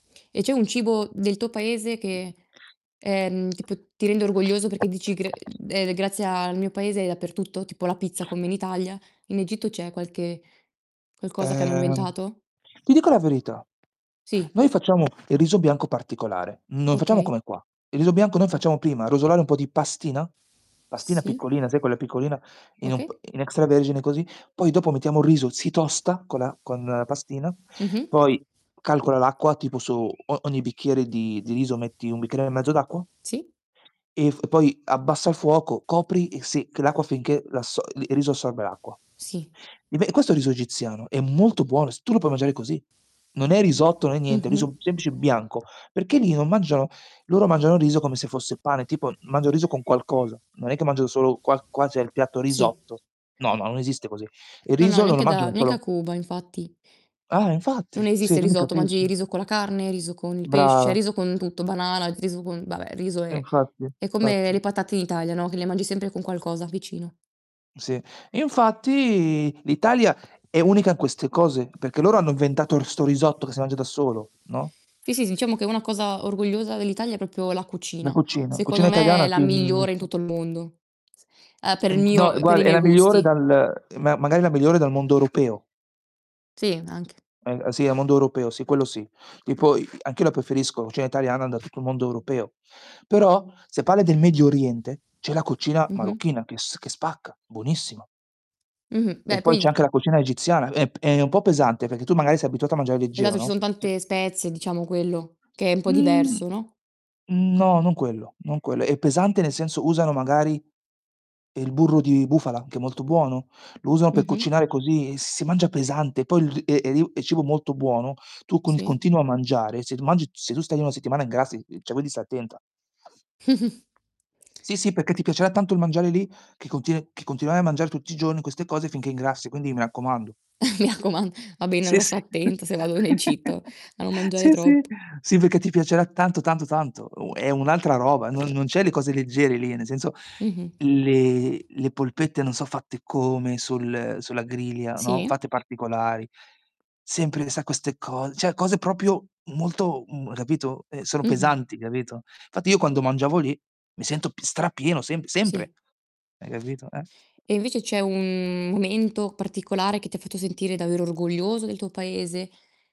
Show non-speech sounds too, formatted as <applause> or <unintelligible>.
E c'è un cibo del tuo paese che, ehm, tipo ti rende orgoglioso perché dici: "Gr ehm, grazie al mio paese è dappertutto", tipo la pizza come in Italia. In Egitto c'è qualche qualcosa che hanno Ehm. inventato? Ti dico la verità, Sì. noi facciamo il riso bianco particolare. Non facciamo Okay. come qua. Il riso bianco noi facciamo, prima rosolare un po' di pastina, pastina Sì. piccolina, sai quella piccolina in un Okay. p in extravergine, così. Poi dopo mettiamo il riso, si tosta con la con pastina, Mh mh. poi calcola l'acqua tipo su o ogni bicchiere di di riso metti 1 bicchiere e mezzo d'acqua Sì. e f poi abbassa il fuoco, copri e sì che l'acqua finché l'asso il riso assorbe l'acqua. Sì. E ve questo è riso egiziano, è molto buono, s tu lo puoi mangiare così. Non è risotto, non è niente, Mh-mh. riso semplice bianco perché lì non mangiano loro mangiano riso come se fosse pane, tipo, mangiano riso con qualcosa. Non è che mangiano solo qual qua c'è il piatto Sì. risotto. No, no, non esiste così. Il No, no, riso non lo neanche da mangiano neanche a solo Cuba infatti. Ah, eh, infatti, Non sì esiste il tu mi risotto, mangi capisci. riso con la carne, riso con il pesce, Brava. riso con tutto, banana, riso con vabbè riso e Infatti è come fatti. le patate in Italia, no, che le mangi sempre con qualcosa vicino. Sì, infatti l'Italia è unica in queste cose, perché loro hanno inventato r 'sto risotto che si mangia da solo, no? Sì, sì, diciamo che una cosa orgogliosa dell'Italia è proprio la La cucina. cucina. Secondo Cucina me è italiana la sì migliore in <unintelligible> tutto il mondo s uhm, per E n il d no mio per guarda, i è miei la migliore gusti. dal ma magari la migliore dal mondo europeo. Sì, anche. Eh a sì, a mondo europeo, sì quello, sì. Tipo i i anch'io la preferisco, cucina italiana da tutto il mondo europeo. Però se parli del Medio Oriente, c'è la cucina Mh mh. marocchina che s che spacca, buonissima. Mh mh. E Beh poi c'è poi anche la cucina egiziana, è p è un po' pesante perché tu magari sei abituato a mangiare leggero, Esatto, ci no? son tante spezie, diciamo, quello che è un po' Mhmm, diverso, no? mhmm, no, non quello, non quello. È pesante nel senso, usano magari il burro di bufala, che è molto buono. Lo usano per Mh mh. cucinare così, e si mangia pesante poi l è è riu è cibo molto buono, tu con il Sì. continuo a mangiare, se ti mang se tu stai lì una settimana ingrassi, ehm, cioè quindi stai attenta. <chuckles> Sì, sì perché ti piacerà tanto il mangiare lì, che contine che continuerai a mangiare tutti i giorni queste cose finché ingrassi, quindi mi raccomando. Mi raccomand va bene Sì, allora sto sì. attenta se vado in Egitto, <giggles> a non mangiare Sì, sì troppo. sì, perché ti piacerà tanto, tanto, tanto. U è un'altra roba, non non c'è le cose leggere lì, nel senso Mh mh. le le polpette non so' fatte come sul sulla griglia, no, Sì. fatte particolari. Sempre sa queste cose cioè cose proprio molto, m capito, ehm, sono Mh mh. pesanti capito, infatti io quando mangiavo lì mi sento p strapieno semp sempre. Sì. Hai capito, eh. E invece c'è un momento particolare che ti fatto sentire davvero orgoglioso del tuo paese?